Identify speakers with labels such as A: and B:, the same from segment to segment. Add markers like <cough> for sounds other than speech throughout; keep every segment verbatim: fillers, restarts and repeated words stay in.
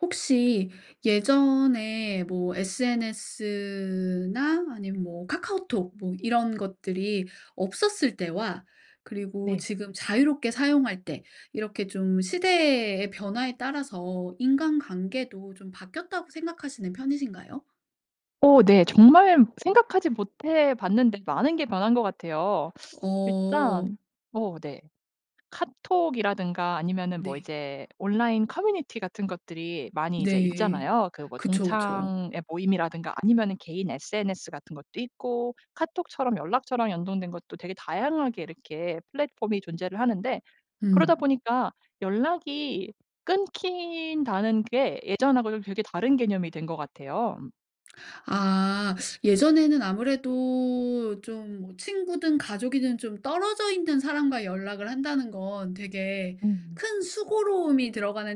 A: 혹시 예전에 뭐 SNS나 아님 뭐 카카오톡 뭐 이런 것들이 없었을 때와 그리고
B: 네.
A: 지금 자유롭게 사용할 때 이렇게 좀 시대의 변화에 따라서 인간관계도 좀 바뀌었다고 생각하시는 편이신가요?
B: 어. 네 정말 생각하지 못해 봤는데 많은 게 변한 것 같아요.
A: 어.
B: 일단 어 네. 카톡이라든가 아니면은 뭐
A: 네.
B: 이제 온라인 커뮤니티 같은 것들이 많이 이제
A: 네.
B: 있잖아요. 그 뭐
A: 그쵸, 그쵸.
B: 동창회 모임이라든가 아니면은 개인 SNS 같은 것도 있고 카톡처럼 연락처랑 연동된 것도 되게 다양하게 이렇게 플랫폼이 존재를 하는데 그러다
A: 음.
B: 보니까 연락이 끊긴다는 게 예전하고도 되게 다른 개념이 된 것 같아요. 음.
A: 아. 예전에는 아무래도 좀 친구든 가족이든 좀 떨어져 있는 사람과 연락을 한다는 건 되게
B: 음.
A: 큰 수고로움이 들어가는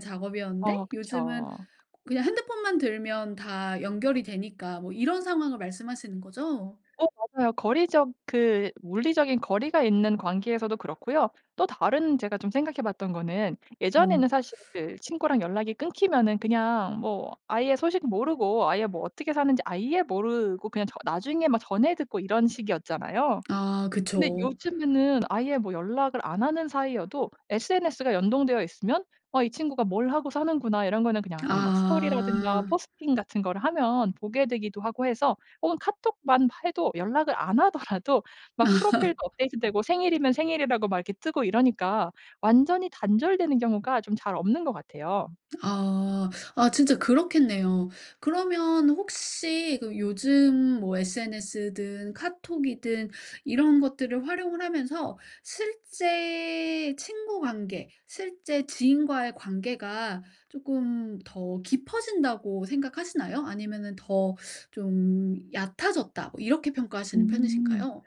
B: 어
A: 작업이었는데 요즘은
B: 그쵸.
A: 그냥 핸드폰만 들면 다 연결이 되니까 뭐 이런 상황을 말씀하시는 거죠?
B: 어 맞아요. 거리적 그 물리적인 거리가 있는 관계에서도 그렇고요. 또 다른 제가 좀 생각해 봤던 거는
A: 어.
B: 예전에는 사실 친구랑 연락이 끊기면은 그냥 뭐 아예 소식 모르고 아예 뭐 어떻게 사는지 아예 모르고 그냥 저 나중에 막 전해 듣고 이런 식이었잖아요.
A: 아
B: 근데
A: 그쵸.
B: 요즘에는 아예 뭐 연락을 안 하는 사이여도 SNS가 연동되어 있으면 '아. 이 친구가 뭘 하고 사는구나.' 이런 거는 그냥 가끔 뭐 스토리라든가
A: 아.
B: 포스팅 같은 걸 하면 보게 되기도 하고 해서 혹은 카톡만 해도 연락을 안 하더라도 막 프로필도
A: <laughs>
B: 업데이트되고 생일이면 생일이라고 막 이렇게 뜨고 이러니까 완전히 단절되는 경우가 좀 잘 없는 것 같아요.
A: 아. 아 진짜 그렇겠네요. 그러면 혹시 그 요즘 뭐 SNS든 카톡이든 이런 것들을 활용을 하면서 실제 친구 관계 실제 지인과의 관계가 쪼끔 더 깊어진다고 생각하시나요? 아니면은 더 좀 얕아졌다 뭐 이렇게 평가하시는
B: 음.
A: 편이신가요?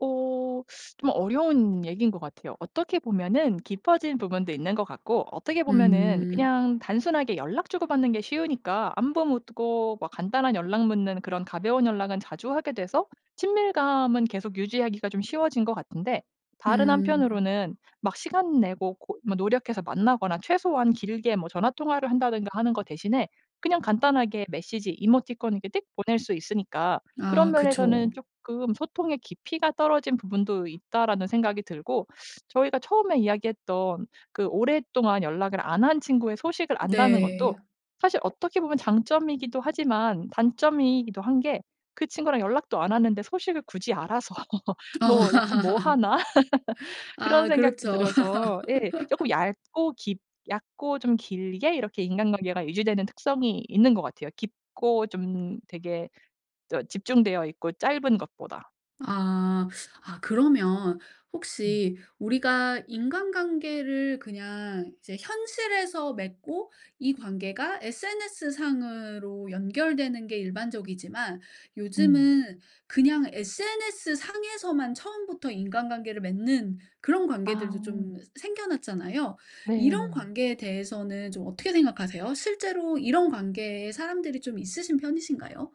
B: 어 좀 어려운 얘기인 것 같아요. 어떻게 보면은 깊어진 부분도 있는 것 같고 어떻게 보면은
A: 음.
B: 그냥 단순하게 연락 주고받는 게 쉬우니까 안부 묻고 뭐 간단한 연락 묻는 그런 가벼운 연락은 자주 하게 돼서 친밀감은 계속 유지하기가 좀 쉬워진 것 같은데 다른
A: 음.
B: 한편으로는 막 시간 내고 고 노력해서 만나거나 최소한 길게 뭐 전화 통화를 한다든가 하는 거 대신에 그냥 간단하게 메시지, 이모티콘을 이렇게 띡 보낼 수 있으니까 그런
A: 아 그쵸.
B: 면에서는 쪼끔 '소통의 깊이가 떨어진 부분도 있다.'라는 생각이 들고. 저희가 처음에 이야기했던 그 오랫동안 연락을 안 한 친구의 소식을 안다는 것도
A: 네.
B: 사실 어떻게 보면 장점이기도 하지만 단점이기도 한 게 그 친구랑 연락도 안 하는데 소식을 굳이 알아서 <laughs>
A: 어.
B: 뭐 약간 뭐 하나 <laughs>
A: <laughs>
B: 그런
A: 아
B: 생각도
A: 그렇죠.
B: 들어서 예. 쪼끔
A: <laughs>
B: 얇고 깊 얕고 좀 길게 이렇게 인간관계가 유지되는 특성이 있는 것 같아요. 깊고 좀 되게 또 집중되어 있고 짧은 것보다.
A: 아. 아 그러면
B: 음.
A: 혹시 우리가 인간관계를 그냥 이제 현실에서 맺고 이 관계가 SNS상으로 연결되는게 일반적이지만
B: 음.
A: 요즘은 그냥 SNS상에서만 처음부터 인간관계를 맺는 그런 관계들도
B: 아.
A: 좀 새 생겨났잖아요. 이런
B: 네.
A: 관계에 대해서는 좀 어떻게 생각하세요? 실제로 이런 관계에 사람들이 좀 있으신 편이신가요?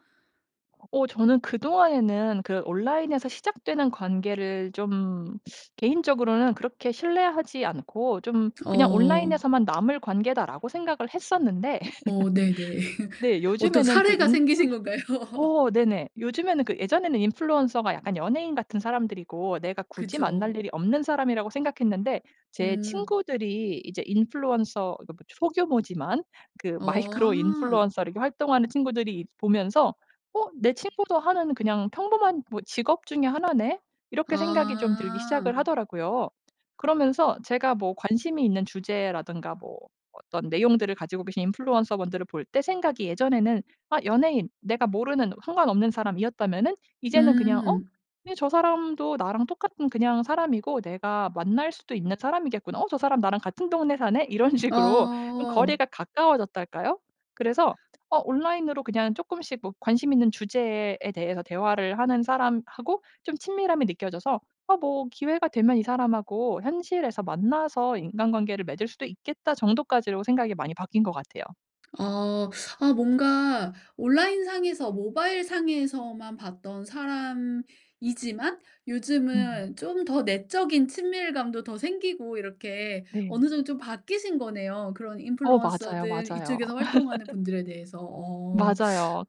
B: 어 저는 그동안에는 그 온라인에서 시작되는 관계를 좀 개인적으로는 그렇게 신뢰하지 않고 좀 그냥
A: 어.
B: '온라인에서만 남을 관계다.'라고 생각을 했었는데
A: 어. 네네.
B: <laughs>
A: <laughs>
B: 네.
A: 어떤
B: 요즘에는 그
A: 사례가 생기신 건가요?
B: 인플루어 어 네네. 요즘에는 그 예전에는 인플루언서가 약간 연예인 같은 사람들이고 내가 굳이 만날
A: 그쵸.
B: 일이 없는 사람이라고 생각했는데 제
A: 음.
B: 친구들이 이제 인플루언서 그 뭐 소규모지만 그 마이크로
A: 어아.
B: 인플루언서로 활동하는 친구들이 보면서 '어. 내 친구도 하는 그냥 평범한 뭐 직업 중에 하나네?' 이렇게 생각이 좀 들기
A: 아.
B: 시작을 하더라고요. 그러면서 제가 뭐 관심이 있는 주제라든가 뭐 어떤 내용들을 가지고 계신 인플루언서 분들을 볼 때 생각이 예전에는 아 연예인 내가 모르는 상관없는 사람이었다면은 이제는 그냥 '어?
A: 음.
B: 아니 저 사람도 나랑 똑같은 그냥 사람이고 내가 만날 수도 있는 사람이겠구나. 어? 저 사람 나랑 같은 동네 사네?' 이런 식으로 좀
A: 어.
B: 거리가 가까워졌달까요? 그래서 어 온라인으로 그냥 쪼끔씩 뭐 관심 있는 주제에 대해서 대화를 하는 사람하고 좀 친밀함이 느껴져서 '어. 뭐 기회가 되면 이 사람하고 현실에서 만나서 인간관계를 맺을 수도 있겠다.' 정도까지로 생각이 많이 바뀐 것 같아요.
A: 아. 아 뭔가 온라인상에서 모바일상에서만 봤던 사람이지만
B: 음.
A: 요즘은 좀 더 내적인 친밀감도 더 생기고 이렇게
B: 네.
A: 어느 정도 좀 바뀌신 거네요 그런
B: 어 맞아요,
A: 인플루언서들
B: 맞아요.
A: 이쪽에서 활동하는
B: <laughs>
A: 분들에 대해서. 어.
B: 맞아요.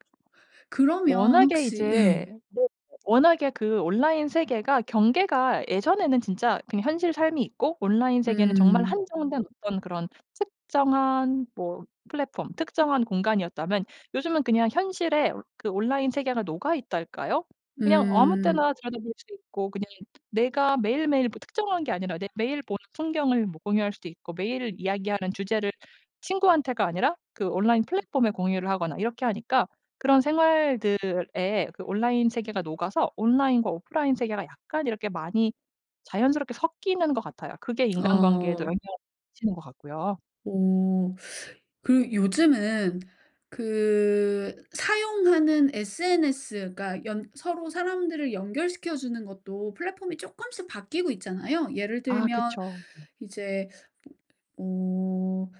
A: 그러면
B: 워낙에
A: 혹시
B: 이제
A: 예.
B: 네 워낙에 그 온라인 세계가 경계가 예전에는 진짜 그냥 현실 삶이 있고 온라인 세계는 정말
A: 음.
B: 한정된 어떤 그런 특정한 뭐 플랫폼 특정한 공간이었다면 요즘은 그냥 현실에 그 온라인 세계가 녹아 있달까요? 그냥 아무
A: 음.
B: 때나 찾아 볼 수 있고 그냥 내가 매일매일 뭐 특정한 게 아니라 내 매일 보는 풍경을 뭐 공유할 수도 있고 매일 이야기하는 주제를 친구한테가 아니라 그 온라인 플랫폼에 공유를 하거나 이렇게 하니까 그런 생활들에 그 온라인 세계가 녹아서 온라인과 오프라인 세계가 약간 이렇게 많이 자연스럽게 섞이는 것 같아요. 그게 인간관계에도 영향을
A: 어.
B: 미치는 것 같고요.
A: 어. 그 요즘은 그 사용하는 SNS 그러니까 연 서로 사람들을 연결시켜 주는 것도 플랫폼이 쪼끔씩 바뀌고 있잖아요. 예를
B: 아
A: 들면
B: 그쵸. 네.
A: 이제 으 음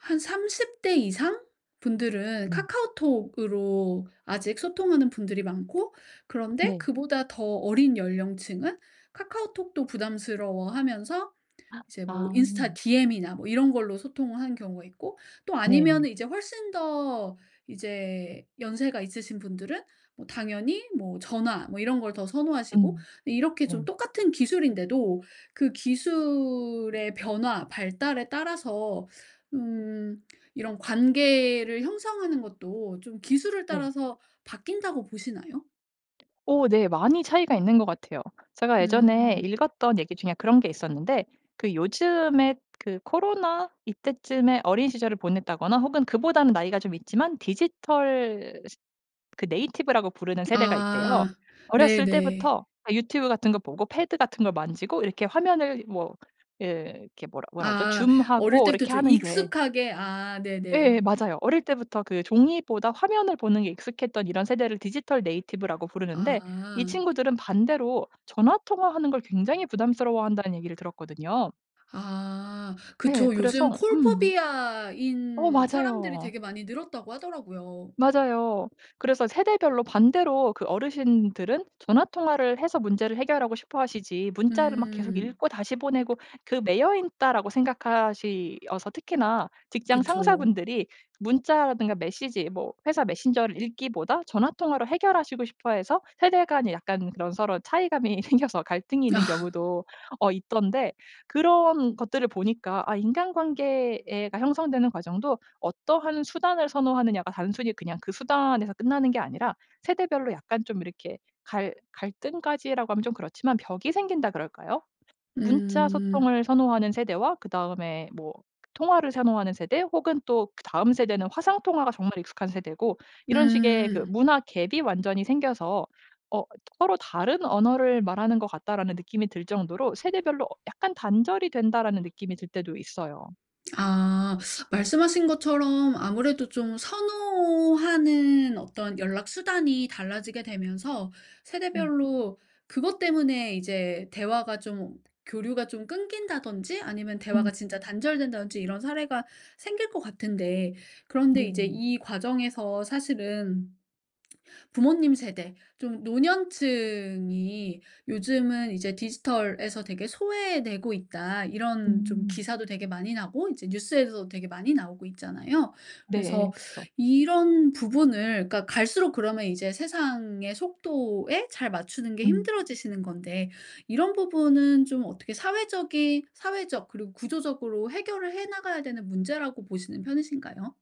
A: 한 삼십 대 이상 분들은
B: 음.
A: 카카오톡으로 아직 소통하는 분들이 많고 그런데
B: 네.
A: 그보다 더 어린 연령층은 카카오톡도 부담스러워하면서
B: <inhales>
A: 이제 뭐 인스타
B: 아.
A: DM이나 뭐 이런 걸로 소통을 하는 경우가 있고 또 아니면
B: 네네.
A: 이제 훨씬 더 이제 연세가 있으신 분들은 뭐 당연히 뭐 전화 뭐 이런 걸 더 선호하시고
B: 음.
A: 이렇게 좀
B: 네.
A: 똑같은 기술인데도 그 기술의 변화 발달에 따라서 음 이런 관계를 형성하는 것도 좀 기술을
B: 네.
A: 따라서 바뀐다고 보시나요?
B: 오 네 많이 차이가 있는 것 같아요. 제가 예전에
A: 음.
B: 읽었던 얘기 중에 그런 게 있었는데 그 요즘에 그 코로나 이때쯤에 어린 시절을 보냈다거나 혹은 그보다는 나이가 좀 있지만 디지털 세 그 네이티브 라고 부르는 세대가 있대요.
A: 아.
B: 어렸을
A: 네네.
B: 때부터 유튜브 같은 거 보고 패드 같은 걸 만지고 이렇게
A: 아.
B: 화면을 뭐 예 이렇게 뭐라 뭐라 하죠?
A: 아
B: zoom
A: 어릴
B: 하고
A: 때부터
B: 이렇게
A: 좀
B: 하는 게
A: 익숙하게. 아
B: 예
A: 네네.
B: 맞아요. 어릴 때부터 그 종이보다 화면을 보는 게 익숙했던 이런 세대를 디지털 네이티브 라고 부르는데 이
A: 아.
B: 친구들은 반대로 전화 통화하는 걸 굉장히 부담스러워한다는 얘기를 들었거든요.
A: 아
B: 네
A: 그쵸.
B: 그래서.
A: 요즘 call
B: 음 어
A: phobia인 사람들이
B: 맞아요.
A: 되게 많이 늘었다고 하더라고요.
B: 맞아요. 그래서 세대별로 반대로 그 어르신들은 전화 통화를 해서 문제를 해결하고 싶어하시지 문자를 막 계속
A: 음.
B: 읽고 다시 보내고 그 '매여 있다.'라고 생각하시어서 특히나 직장
A: 그쵸.
B: 상사분들이 문자라든가 메시지 뭐 회사 메신저를 읽기보다 전화 통화로 해결하시고 싶어 해서 세대 간의 약간 그런 서로 차이감이 생겨서 갈등이 있는
A: <laughs>
B: 경우도 어 있던데 그런 것들을 보니까 아 인간관계가 형성되는 과정도 어떠한 수단을 선호하느냐가 단순히 그냥 그 수단에서 끝나는 게 아니라 세대별로 약간 좀 이렇게 갈 갈등까지라고 하면 좀 그렇지만 벽이 생긴다 그럴까요? 문자
A: 음.
B: 소통을 선호하는 세대와 그다음에 뭐 통화를 선호하는 세대 혹은 또 그 다음 세대는 화상통화가 정말 익숙한 세대고 이런 식의 그
A: 음.
B: 문화 gap 이 완전히 생겨서 어 '서로 다른 언어를 말하는 것 같다.'라는 느낌이 들 정도로 '세대별로 어 약간 단절이 된다.'라는 느낌이 들 때도 있어요.
A: 아. 말씀하신 것처럼 아무래도 좀 선호하는 어떤 연락 수단이 달라지게 되면서
B: 음.
A: 세대별로 그것 때문에 이제 대화가 좀 교류가 좀 끊긴다든지 아니면
B: 음.
A: 대화가 진짜 단절된다든지 이런 사례가 생길 것 같은데 그런데 이제
B: 네.
A: 이 과정에서 사실은 '부모님 세대 좀 노년층이 요즘은 이제 디지털에서 되게 소외되고 있다.' 이런 좀
B: 음.
A: 기사도 되게 많이 나오고 이제 뉴스에서도 되게 많이 나오고 있잖아요.
B: 네. 예
A: 그래서
B: 그쵸.
A: 이런 부분을 그러니까 갈수록 그러면 이제 세상의 속도에 잘 맞추는 게
B: 음.
A: 힘들어지시는 건데 이런 부분은 좀 어떻게 사회적이 사회적 그리고 구조적으로 해결을 해 나가야 되는 문제라고 보시는 편이신가요?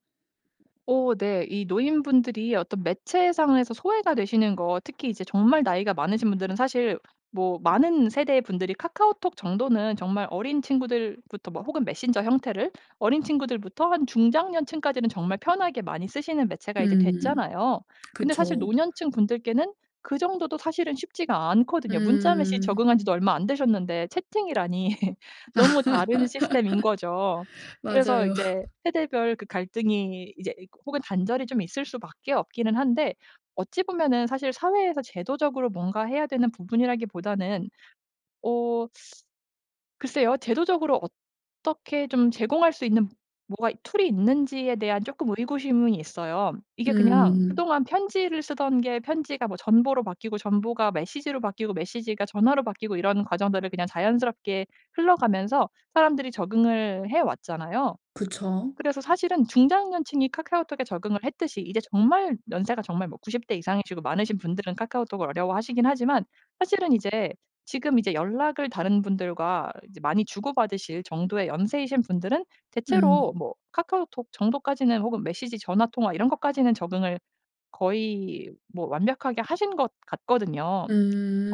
B: 오. 네 이 노인분들이 어떤 매체상에서 소외가 되시는 거 특히 이제 정말 나이가 많으신 분들은 사실 뭐 많은 세대의 분들이 카카오톡 정도는 정말 어린 친구들부터 뭐 혹은 메신저 형태를 어린 친구들부터 한 중장년층까지는 정말 편하게 많이 쓰시는 매체가 이제
A: 음
B: 됐잖아요. 근데 사실
A: 그쵸.
B: 노년층 분들께는 그 정도도 사실은 쉽지가 않거든요. 문자 메시지
A: 음.
B: 적응한 지도 얼마 안 되셨는데 채팅이라니 <laughs> 너무 다른 시스템인 거죠.
A: <laughs>
B: 그래서
A: 맞아요.
B: 이제
A: <laughs>
B: 세대별 그 갈등이 이제 혹은 단절이 좀 있을 수밖에 없기는 한데 어찌 보면은 사실 사회에서 제도적으로 뭔가 해야 되는 부분이라기보다는 어 글쎄요. 제도적으로 어떻게 좀 제공할 수 있는 뭐가 툴이 있는지에 대한 쪼끔 의구심은 있어요. 이게 그냥
A: 음.
B: 그동안 편지를 쓰던 게 편지가 뭐 전보로 바뀌고 전보가 메시지로 바뀌고 메시지가 전화로 바뀌고 이런 과정들을 그냥 자연스럽게 흘러가면서 사람들이 적응을 해왔잖아요.
A: 그쵸.
B: 그래서 사실은 중장년층이 카카오톡에 적응을 했듯이 이제 정말 연세가 정말 뭐 구십 대 이상이시고 많으신 분들은 카카오톡을 어려워 하시긴 하지만 사실은 이제 지금 이제 연락을 다른 분들과 이제 많이 주고받으실 정도의 연세이신 분들은 대체로
A: 음.
B: 뭐 카카오톡 정도까지는 혹은 메시지 전화 통화 이런 것까지는 적응을 거의 뭐 완벽하게 하신 것 같거든요.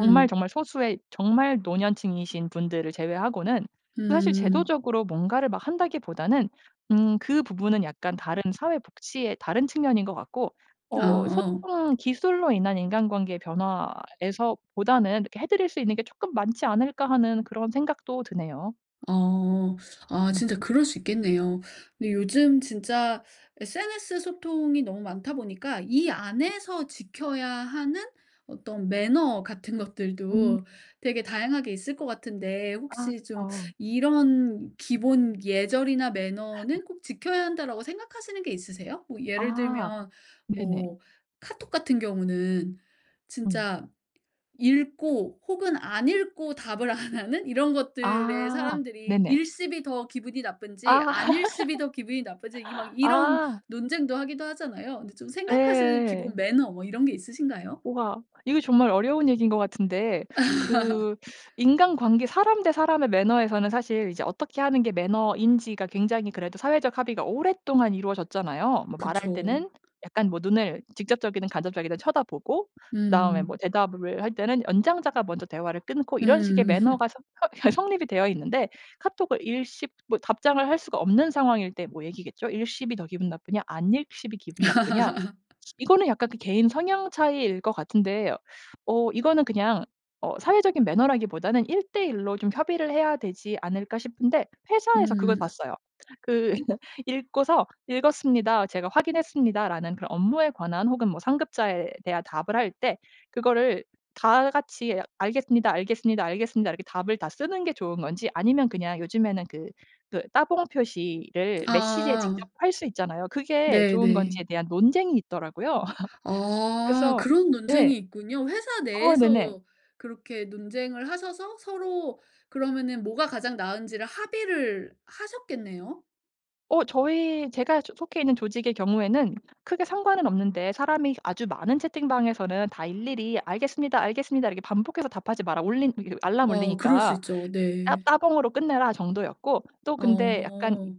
B: 정말 정말 소수의 정말 노년층이신 분들을 제외하고는. 그 사실
A: 음.
B: 제도적으로 뭔가를 막 한다기보다는 음 그 부분은 약간 다른 사회복지의 다른 측면인 것 같고
A: 아
B: 어
A: 어.
B: 소통 기술로 인한 인간관계의 변화에서 보다는 '해 드릴 수 있는 게 쪼끔 많지 않을까.' 하는 그런 생각도 드네요.
A: 아. 아
B: 음.
A: 진짜 그럴 수 있겠네요. 근데 요즘 진짜 SNS 소통이 너무 많다 보니까 이 안에서 지켜야 하는 어떤 매너 같은
B: 음.
A: 것들도 되게 다양하게 있을 것 같은데
B: 아
A: 혹시 좀
B: 그쵸.
A: '이런 기본 예절이나 매너는
B: <laughs>
A: 꼭 지켜야 한다.'라고 생각하시는 게 있으세요? 뭐 예를
B: 아
A: 들면
B: 네네.
A: 뭐 카톡 같은 경우는
B: 음.
A: 진짜 읽고 혹은 안 읽고 답을 안 하는 이런 것들의
B: 아 네네.
A: 사람들이 읽씹이 더 기분이 나쁜지
B: 아.
A: 안읽씹이 더 기분이 나쁜지 이 막
B: <laughs>
A: 이런
B: 아.
A: 논쟁도 하기도 하잖아요. 근데 좀
B: 예
A: 생각하시는
B: 예
A: 기본
B: 예.
A: 매너 뭐 이런 게 있으신가요?
B: 우와. 이거 정말 어려운 얘기인 것 같은데
A: <laughs>
B: 그 인간관계 사람 대 사람의 매너에서는 사실 이제 어떻게 하는 게 매너인지가 굉장히 그래도 사회적 합의가 오랫동안 이루어졌잖아요. 뭐 말할
A: 그쵸.
B: 때는 약간 뭐 눈을 직접적이든 간접적이든 쳐다보고 그다음에
A: 음.
B: 뭐 대답을 할 때는 연장자가 먼저 대화를 끊고 이런 식의
A: 음.
B: 매너가 서
A: <laughs>
B: 허 성립이 되어 있는데 카톡을 읽씹 뭐 답장을 할 수가 없는 상황일 때 뭐 얘기겠죠. 읽씹이 더 기분 나쁘냐 안읽씹이 기분 나쁘냐 시
A: <laughs>
B: 이거는 약간 개인 성향 차이일 것 같은데 어 이거는 그냥 어 사회적인 매너라기보다는 일 대일 로 좀 협의를 해야 되지 않을까 싶은데 회사에서 그걸
A: 음.
B: 봤어요. 그 <laughs> 읽고서 "읽었습니다. 제가 확인했습니다."라는 그런 업무에 관한 혹은 뭐 상급자에 대한 답을 할 때 그거를 다 같이 "알겠습니다. 알겠습니다. 알겠습니다." 이렇게 답을 다 쓰는 게 좋은 건지 아니면 그냥 요즘에는 그 그 따봉 표시를 메시지에
A: 아.
B: 직접 할 수 있잖아요. 그게
A: 네
B: 좋은
A: 네.
B: 건지에 대한 논쟁이 있더라고요. <laughs>
A: 어.
B: 그래서
A: 그런
B: 예
A: 논쟁이 있군요. 회사
B: 어 네네.
A: 내에서 그렇게 논쟁을 하셔서 서로 그러면은 뭐가 가장 나은지를 합의를 하셨겠네요.
B: 어 저희 제가 속 속해 있는 조직의 경우에는 크게 상관은 없는데 "사람이 아주 많은 채팅방에서는 다 일일이 알겠습니다. 알겠습니다. 이렇게 반복해서 답하지 마라. 올린 알람
A: 어 그럴 수
B: 울리니까
A: 있죠
B: 따
A: 네.
B: 따봉으로 끝내라." 정도였고 또 근데 약간
A: 어.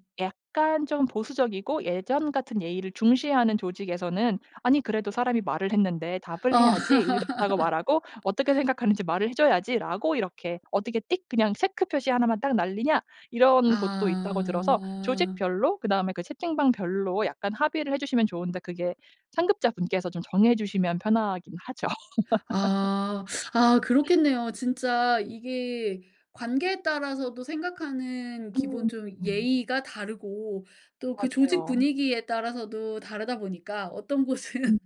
B: 약간 좀 보수적이고 예전 같은 예의를 중시하는 조직에서는 "아니 그래도 사람이 말을 했는데 답을
A: 어. <laughs>
B: 해야지. 읽었다고 말하고 어떻게 생각하는지 말을 해 줘야지."라고 이렇게 "어떻게 띡 체크 표시 하나 만 딱 날리냐?" 이런 곳도 있다고 들어서
A: 아.
B: 조직별로 그다음에 그 채팅방별로 약간 합의를 해 주시면 좋은데 그게 상급자 분께서 좀 정해 주시면 편하긴 하죠. <laughs>
A: 아. 아 그렇겠네요. 진짜 이게 관계에 따라서도 생각하는 기본
B: 음.
A: 좀
B: 음.
A: 예의가 다르고 또 그 조직
B: 맞아요.
A: 분위기에 따라서도 다르다 보니까 어떤
B: 음
A: 곳은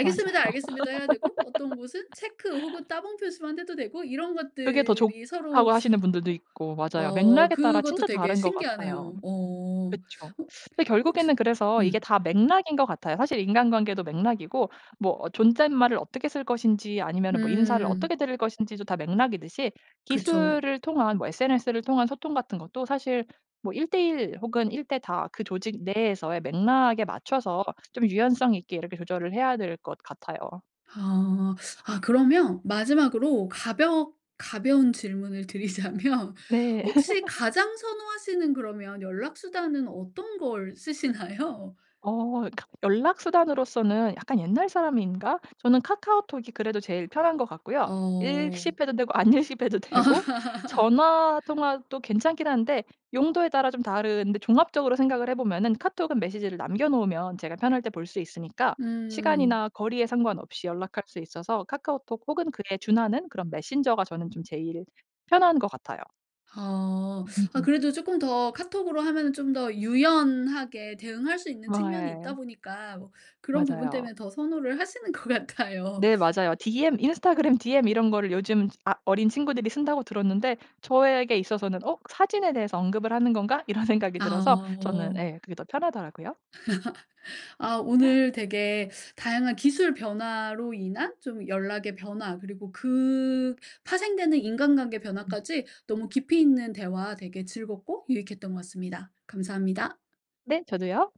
B: 맞아요.
A: 알겠습니다." 해야 되고 어떤 곳은 체크 혹은
B: <laughs>
A: 따봉 표시만 해도 되고 이런
B: 그게 더
A: 것들이 서로
B: 좋다고 하시는 분들도 있고 맞아요.
A: 어
B: 맥락에 따라
A: 그것도
B: 진짜
A: 되게
B: 다른 것 같아요.
A: 신기하네요. 어.
B: 그쵸.
A: 혹
B: 그
A: 혹시
B: 결국에는 그래서 이게
A: 음.
B: 다 맥락인 것 같아요. 사실 인간관계도 맥락이고 뭐 어 존댓말을 어떻게 쓸 것인지 아니면은 뭐 인사를
A: 음.
B: 어떻게 드릴 것인지도 다 맥락이듯이
A: 그쵸.
B: 기술을 통한 뭐 SNS를 통한 소통 같은 것도 사실 뭐 일 대일 혹은 일 대다 그 조직 내에서의 맥락에 맞춰서 좀 유연성 있게 이렇게 조절을 해야 될 것 같아요.
A: 아. 아 그러면 마지막으로 가벼 가벼운 질문을 드리자면
B: 네.
A: 혹시
B: <laughs>
A: 가장 선호하시는 그러면 연락 수단은 어떤 걸 쓰시나요?
B: 어. 카 연락 수단으로써는 약간 옛날 사람인가? 저는 카카오톡이 그래도 제일 편한 것 같고요.
A: 어.
B: 읽씹 해도 되고 안읽씹 해도 되고
A: <laughs>
B: 전화 통화도 괜찮긴 한데 용도에 따라 좀 다른데 종합적으로 생각을 해 보면은 카톡은 메시지를 남겨 놓으면 제가 편할 때 볼 수 있으니까
A: 음.
B: 시간이나 거리에 상관없이 연락할 수 있어서 카카오톡 혹은 그에 준하는 그런 메신저가 저는 좀 제일 편한 것 같아요.
A: 아. 아
B: <laughs>
A: 그래도 쪼끔 더 카톡으로 하면 좀 더 유연하게 대응할 수 있는 측면이 있다
B: 아예.
A: 보니까 뭐 그런 부분
B: 맞아요.
A: 때문에 더 선호를 하시는 것 같아요.
B: 네 맞아요. 디엠 인스타그램 디엠 이런 걸 요즘 아 어린 친구들이 쓴다고 들었는데 저에게 있어서는 '어? 사진에 대해서 언급을 하는 건가?' 이런 생각이 들어서 저는
A: 아.
B: 예 그게 더 편하더라고요.
A: <laughs> 아 오늘 되게 다양한 기술 변화로 인한 좀 연락의 변화 그리고 그 파생되는 인간관계
B: 음.
A: 변화까지 너무 깊이 있는 대화 되게 즐겁고 유익했던 것 같습니다. 감사합니다.
B: 네. 저도요.